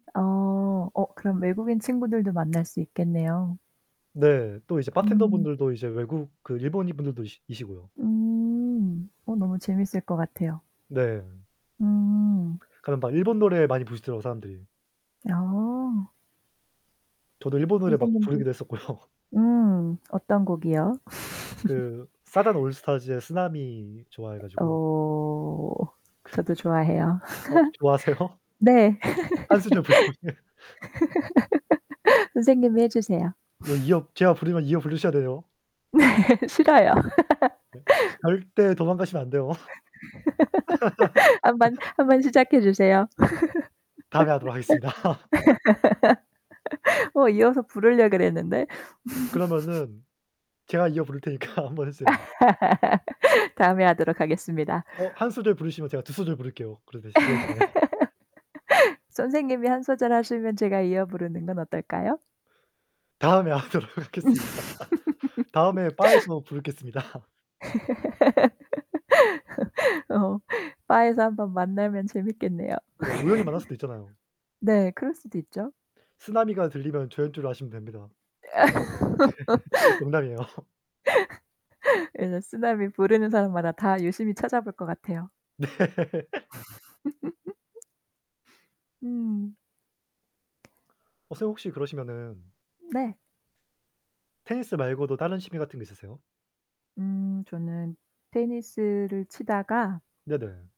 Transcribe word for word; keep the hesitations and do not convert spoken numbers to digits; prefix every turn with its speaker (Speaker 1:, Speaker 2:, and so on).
Speaker 1: 어. 어, 그럼 외국인 친구들도 만날 수 있겠네요.
Speaker 2: 네, 또 이제 바텐더
Speaker 1: 음.
Speaker 2: 분들도 이제 외국 그 일본인 분들도 이시 이시고요.
Speaker 1: 음. 어, 너무 재밌을 것 같아요.
Speaker 2: 네.
Speaker 1: 음.
Speaker 2: 가면 막 일본 노래 많이 부르시더라고요, 사람들이.
Speaker 1: 아.
Speaker 2: 저도 일본 노래 막
Speaker 1: 선생님들
Speaker 2: 부르기도 했었고요.
Speaker 1: 음, 어떤 곡이요?
Speaker 2: 그 사잔 올스타즈의 쓰나미 좋아해
Speaker 1: 에
Speaker 2: 가지고.
Speaker 1: 오. 저도 좋아해요.
Speaker 2: 어 좋아하세요?
Speaker 1: 네.
Speaker 2: 한 소절 불러보세요.
Speaker 1: 선생님이 해 주세요.
Speaker 2: 이거 이어 제가 부르면 이어 부르셔야 돼요.
Speaker 1: 네, 싫어요.
Speaker 2: 네. 절대 도망가시면 안 돼요.
Speaker 1: 한번, 한번 시작해 주세요.
Speaker 2: 다음에 하도록 하겠습니다.
Speaker 1: 어 이어서 부르려 그랬는데.
Speaker 2: 그러면은 제가 이어 부를 테니까 한번 해주세요.
Speaker 1: 다음에 하도록 하겠습니다.
Speaker 2: 어, 한 소절 부르시면 제가 두 소절 부를게요. 그러 대신 그 대신에.
Speaker 1: 선생님이 한 소절 하시면 제가 이어 부르는 건 어떨까요?
Speaker 2: 다음에 하도록 하겠습니다. 다음에 바에서 부르겠습니다.
Speaker 1: 어. 바에서 한번 만나면 재밌겠네요.
Speaker 2: 네, 우연히 만날 수도 있잖아요.
Speaker 1: 네, 그럴 수도 있죠.
Speaker 2: 쓰나미가 들리면 저인줄 아시면 됩니다. 농담이에요.
Speaker 1: 아. 이제 쓰나미 부르는 사람마다 다 유심히 찾아볼 것 같아요.
Speaker 2: 네.
Speaker 1: 음.
Speaker 2: 어 선생님 혹시 그러시면은
Speaker 1: 네.
Speaker 2: 테니스 말고도 다른 취미 같은 게 있으세요?
Speaker 1: 음. 저는 테니스를 치다가
Speaker 2: 네네.